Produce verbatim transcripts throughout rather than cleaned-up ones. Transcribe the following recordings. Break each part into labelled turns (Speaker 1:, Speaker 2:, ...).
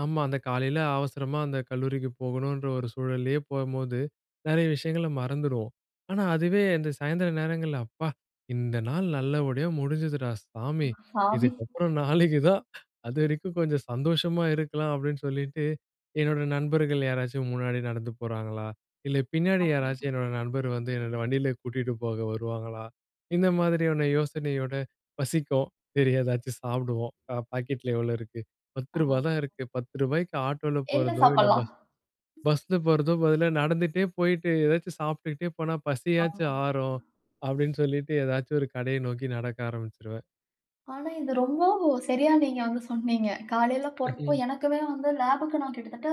Speaker 1: ஆமா. அந்த காலையில அவசரமா அந்த கல்லூரிக்கு போகணுன்ற ஒரு சூழல்லயே போம்போது, நெறைய விஷயங்கள மறந்துருவோம். ஆனா, அதுவே இந்த சாயந்தரம் நேரங்கள்ல "அப்பா இந்த நாள் நல்லபடியா முடிஞ்சுதுடா சாமி.
Speaker 2: [unintelligible] சாமி.
Speaker 1: இதுக்கப்புறம் நாளைக்கு தான். அது வரைக்கும் கொஞ்சம் சந்தோஷமா இருக்கலாம்." அப்டின்னு சொல்லிட்டு, "என்னோட நண்பர்கள் யாராச்சும் முன்னாடி நடந்து போறாங்களா? இல்லை பின்னாடி யாராச்சும்
Speaker 2: ஆமா.
Speaker 1: என்னோட நண்பர் வந்து, என்னோட வண்டியிலயே கூட்டிட்டு போக வருவாங்களா?" இந்த மாதிரியான யோசனையோட பசிக்கும். சரி எதாச்சும் சாப்பிடுவோம். அ பாக்கெட்ல எவ்ளோ இருக்கு? பத்து ரூபா
Speaker 2: ஆ,
Speaker 1: தான் இருக்கு! பத்து ரூபாக்கு ஆட்டோல
Speaker 2: என்ன
Speaker 1: போறதோ, இல்லை
Speaker 2: சாப்பிடலாம்.
Speaker 1: பஸ் பஸ்ல போறதோ பதிலா, நடந்துட்டே போயிட்டு, ஏதாச்சும் சாப்பிட்டுகிட்டே போனா, பசியாச்சும்
Speaker 2: ஆமாங்க.
Speaker 1: ஆறும், அப்டின்னு சொல்லிட்டு ஏதாச்சும் ஒரு கடைய நோக்கி நடக்க ஆரம்பிச்சுருவேன்.
Speaker 2: ஆனா இது ரொம்ப சரியா நீங்க வந்து சொன்னீங்க. காலையில போறப்போ
Speaker 1: ம்ஹ்ம்.
Speaker 2: எனக்குமே வந்து, லேபுக்கு நான் கிட்டத்தட்ட,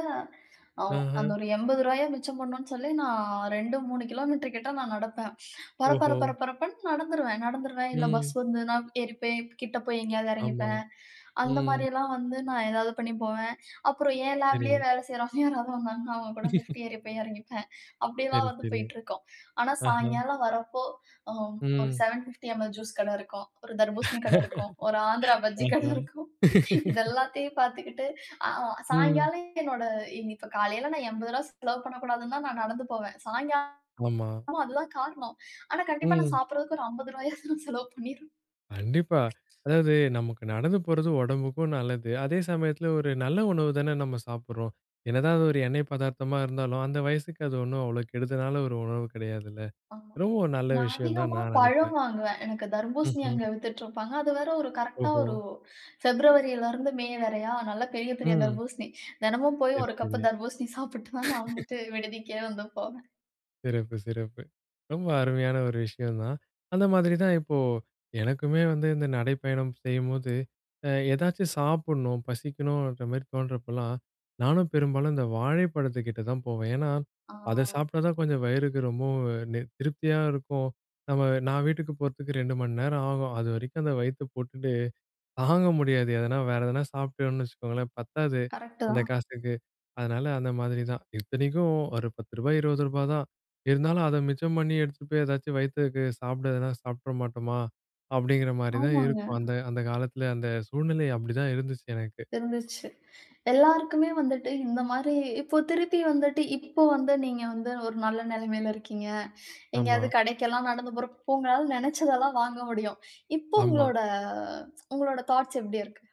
Speaker 2: அ
Speaker 1: ம்ஹ்ம்!
Speaker 2: அந்த ஒரு எம்பது ரூபாய மிச்சம் பண்ணணுன்னு சொல்லி, நான் ரெண்டு, மூணு கிலோமீட்டர் கிட்ட நான் நடப்பேன். பர பர
Speaker 1: ஓஹோ!
Speaker 2: பர பரப்புன்னு நடந்துருவேன். நடந்துருவேன், இல்லை பஸ்
Speaker 1: ம்.
Speaker 2: வந்துதுனா ஏறிப்பேன். கிட்ட போய் எங்கேயாவது
Speaker 1: ஆமா.
Speaker 2: எறங்கிப்பேன். அந்த
Speaker 1: ம்.
Speaker 2: மாரி எல்லாம் வந்து நான் ஏதாவது பண்ணி போவேன். அப்புறம் என் லாப்லயே
Speaker 1: சரி.
Speaker 2: வேலை செய்கிறவங்க யாராவது வந்தாங்கன்னா. அவுங்க கூட ஃலிப்ட் ஏறி போய் எறங்கிப்பேன். அப்படியெல்லாம்
Speaker 1: சரி,
Speaker 2: வந்து
Speaker 1: சரி.
Speaker 2: போய்ட்ருக்கும். ஆனா,
Speaker 1: ஆஹ
Speaker 2: சாயங்காலம் வரப்போ, ம் ஒரு
Speaker 1: ம்.
Speaker 2: செவன் ஃபிப்டி எம்.எல் ஜூஸ் கடை இருக்கும். ஒரு தர்பூசணி கடை இருக்கும், ஒரு ஆந்திரா பஜ்ஜி கடை
Speaker 1: ஆஹ.
Speaker 2: இருக்கும். இது எல்லாத்தயும் பாத்துக்கிட்டு, அ
Speaker 1: ம்.
Speaker 2: சாயங்காலம் என்னோட, இன்னி இப்ப காலையில நான் எம்பது ரூபா செலவு பண்ணக்கூடாதுன்னு தான் நான் நடந்து போவேன். சாயங்கா
Speaker 1: ஆமா.
Speaker 2: ஆனா அதுதான் காரணம். ஆனா, கண்டிப்பா நான்
Speaker 1: ம்.
Speaker 2: சாப்பிடுறதுக்கு ஒரு அம்பது ரூபா ஆவது செலவு பண்ணிருவேன்.
Speaker 1: கண்டிப்பா. அதாவது நமக்கு நடந்து போறது உடம்புக்கும் நல்லது. அதே சமயத்தில ஒரு நல்ல உணவு தானே நம்ம சாப்பிடுறோம். என்னதான் அது ஒரு எண்ணெய் பதார்த்தமா இருந்தாலும், அந்த வயசுக்கு அது ஒண்ணும் அவ்ளோ கெடுதலான ஒரு உணவு கிடையாதுல்ல!
Speaker 2: ஆமா.
Speaker 1: ரொம்ப ஒரு நல்ல
Speaker 2: நான்
Speaker 1: விஷயந்தான்
Speaker 2: அதிகமா
Speaker 1: நான்
Speaker 2: பழம்
Speaker 1: நெனைக்கிறேன்.
Speaker 2: வாங்குவேன். எனக்கு தர்பூசணி
Speaker 1: ம்ஹ்ம்.
Speaker 2: அங்க வித்துட்ருப்பாங்க. அது வேற ஒரு கரெக்ட்டா
Speaker 1: ஓஹோ!
Speaker 2: ஒரு, ஃபிப்ரவரிலருந்து, மே வரையா! நல்ல பெரிய பெரிய
Speaker 1: ம்.
Speaker 2: தர்பூசணி. தினமும் போயி
Speaker 1: சரி,
Speaker 2: ஒரு கப்பு
Speaker 1: சரி.
Speaker 2: தர்பூசணி சாப்பிட்டு தான், நான் வந்துட்டுட்டு விடுதிக்கே வந்து போவேன்.
Speaker 1: சிறப்பு, சிறப்பு. ரொம்ப அருமையான ஒரு விஷயம் தான். அந்த மாதிரி தான் இப்போ, எனக்குமே வந்து இந்த நடைப்பயணம் செய்யும்போது, அ எதாச்சும் சாப்பிடணும், பசிக்கணுன்ற மாரி தோணுறப்பலாம், நானும் பெரும்பாலும் இந்த வாழைப்பழத்துக்கிட்ட தான் போவேன். ஏன்னா, அத
Speaker 2: ஆ.
Speaker 1: சாப்ட்டா தான் கொஞ்சம் வயிறுக்கு ரொம்பவும் அ நெ திருப்தியா இருக்கும். நம்ம, நான் வீட்டுக்கு போறதுக்கு ரெண்டு மணி நேரம் ஆகும். அதுவரைக்கும் அந்த வயித்த போட்டுட்டு, தாங்க முடியாது. எதனா, வேறு எதனா சாப்பிட்டோம்னு வச்சுக்கோங்களேன், பத்தாது.
Speaker 2: கரெக்ட்டு
Speaker 1: அந்த
Speaker 2: தான்.
Speaker 1: காசுக்கு. அதனால அந்த மாதிரி தான். இத்தனைக்கும் ஒரு பத்து ரூபா, இருவது ரூபா தான். இருந்தாலும் அத மிச்சம் பண்ணி எடுத்துட்டு போய் எதாச்சும் வயித்துக்கு சாப்பிடதுனா, சாப்ட மாட்டோமா! அப்டிங்கிற மாரி தான்
Speaker 2: ஆமாங்க.
Speaker 1: இருக்கும். அந்த அந்த காலத்தில, அந்த சூழ்நிலை அப்படிதான் இருந்துச்சு எனக்கு.
Speaker 2: இருந்துச்சு. எல்லாருக்குமே வந்துட்டு இந்த மாரி இப்போ திருப்பி வந்துட்டு இப்ப வந்து நீங்க வந்து ஒரு நல்ல நெலமையில இருக்கீங்க.
Speaker 1: ஆமா.
Speaker 2: எங்கேயாவது கடைக்கெல்லாம் நடந்து போறப்ப இப்ப உங்களால நெனச்சதெல்லாம் வாங்க முடியும். இப்போ
Speaker 1: ஆமா.
Speaker 2: உங்களோட உங்களோட தாட்ஸ் எப்டி இருக்கு?